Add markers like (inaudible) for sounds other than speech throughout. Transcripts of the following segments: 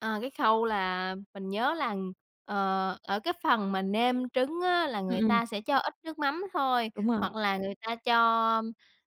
À, cái khâu là mình nhớ là, ờ, ở cái phần mà nêm trứng á là Ừm, người ừm. ta sẽ cho ít nước mắm thôi, Đúng rồi. hoặc là người ta cho,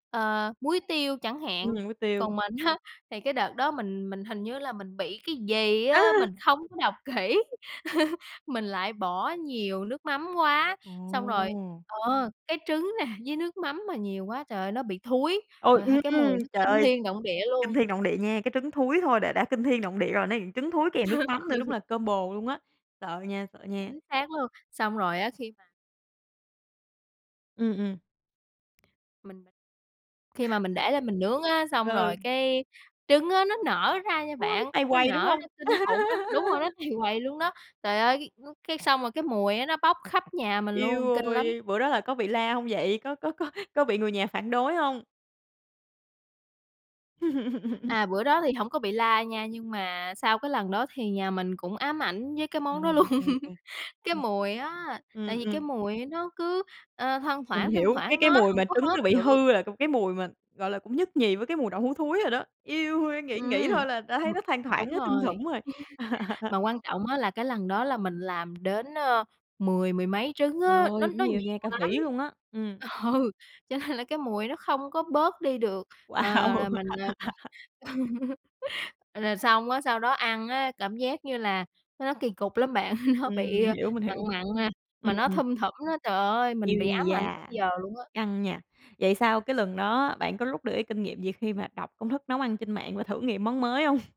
ờ, muối tiêu chẳng hạn. Nêm với tiêu. Còn mình á thì cái đợt đó mình mình hình như là mình bị cái gì á, Á! mình không có đọc kỹ, (chuckles) mình lại bỏ nhiều nước mắm quá, xong rồi Ồ! ờ, cái trứng nè với nước mắm mà nhiều quá trời ơi, nó bị thúi, Ôi, rồi ha cái ừm, mùi nó trời kinh ơi! thiên động địa Kinh luôn. thiên động địa nha, cái trứng thúi thôi đã kinh thiên động địa rồi, này trứng thối kèm nước mắm (chuckles) thôi đúng Ừ. là combo luôn á. Sợ nha, sợ nha. Chính xác luôn, xong rồi á, khi mà Ừm, ừm. Mình khi mà mình để lên mình nướng á, xong Ừ. rồi cái trứng á nó nở ra nha Ôi, bạn, tầy nó quầy, đúng nở hông? ra kinh khủng lắm đúng rồi đó, (laughs) tầy quầy luôn đó. Trời ơi, cái xong rồi cái mùi nó bóc khắp nhà mình Eo luôn, kinh lắm! ôi, bữa đó là có bị la hông vậy? Có có có có bị người nhà phản đối hông? (laughs) À, bữa đó thì hổng có bị la nha, nhưng mà sau cái lần đó thì nhà mình cũng ám ảnh với cái Ờ, món đó luôn. OK, (chuckles) OK. Cái Ừ. mùi á, Ừm, tại vì cái ừm. mùi nó cứ, ờ, thoang Mình thoảng, thoang hiểu, cái thoảng cái nó mùi mà hổng có trứng hết nó bị được. hư là cái mùi mà, gọi là, cũng nhất nhì với cái mùi đậu hú thúi rồi đó. Eo ôi, nghĩ nghĩ Ừm, thôi là đã thấy ừm, nó thoang thoảng, đúng nó thum rồi. thủng rồi. (chuckles) (laughs) Mà quan trọng á là cái lần đó là mình làm đến, ờ, mười mười mấy trứng Trời á, nó ơi, cũng nó nhiều nha, nhiều cả lắm. vỉ luôn á, ừm. Ừ, cho nên là cái mùi nó không có bớt đi được, ờ, là Wow! mình còn (laughs) (chuckles) rồi xong á, sau đó ăn á, cảm giác như là nó kỳ cục lắm bạn, (chuckles) nó Ừm, bị mình hiểu, mình mặn hiểu. mặn, mà Ừm. nó thum thủm á. Trời ơi, Ui mình bị ám ảnh tới da, giờ luôn á. căng nha. Vậy sau cái lần đó bạn có rút được cái kinh nghiệm gì khi mà đọc công thức nấu ăn trên mạng và thử nghiệm món mới hông?